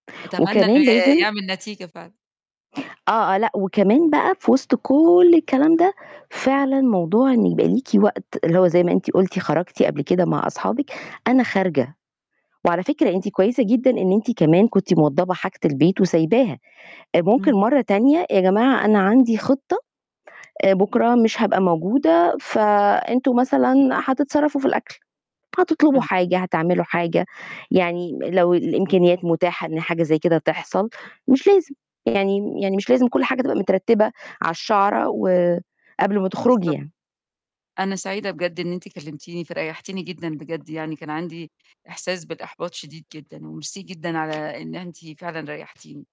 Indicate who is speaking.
Speaker 1: أتمنى إنه
Speaker 2: وكمان
Speaker 1: ي
Speaker 2: لازم
Speaker 1: يعمل نتيجة فعلًا.
Speaker 2: آه، آه، لأ وكمان بقى في وِسْط كُلّ الكلام ده، فعلًا موضوع إن يبقى ليكِ وقت اللي هو زي ما أنتِ قُلتِ خرجتِ قبل كده مع أصحابِك، أنا خارجة، وعلى فكرة أنتِ كويسة جدًا إن أنتِ كمان كنتِ موضَّبة حاجة البيت وسايباها، ممكن
Speaker 1: امم.
Speaker 2: مرّه تانية يا جماعة أنا عندي خِطَّة، آآ، بُكرة مش هبقى موجودة فأنتم مثلًا هتتصرفوا في الأكل، هتطلبوا
Speaker 1: امم.
Speaker 2: حاجة، هتعملوا حاجة، يعني لو الإمكانيات متاحة إن حاجة زي كده تحصل مش لازم، يعني يعني مش لازم كُلّ حاجة تبقى مترتّبة على الشعرة، و قبل ما تخرجي
Speaker 1: بالضبط.
Speaker 2: يعني.
Speaker 1: أنا سعيدة بجد إن أنتِ كلمتيني فريحتيني جدًا بجد يعني، كان عندي إحساس بالإحباط شديد جدًا، وميرسي جدًا على إن أنتِ فعلًا ريحتيني.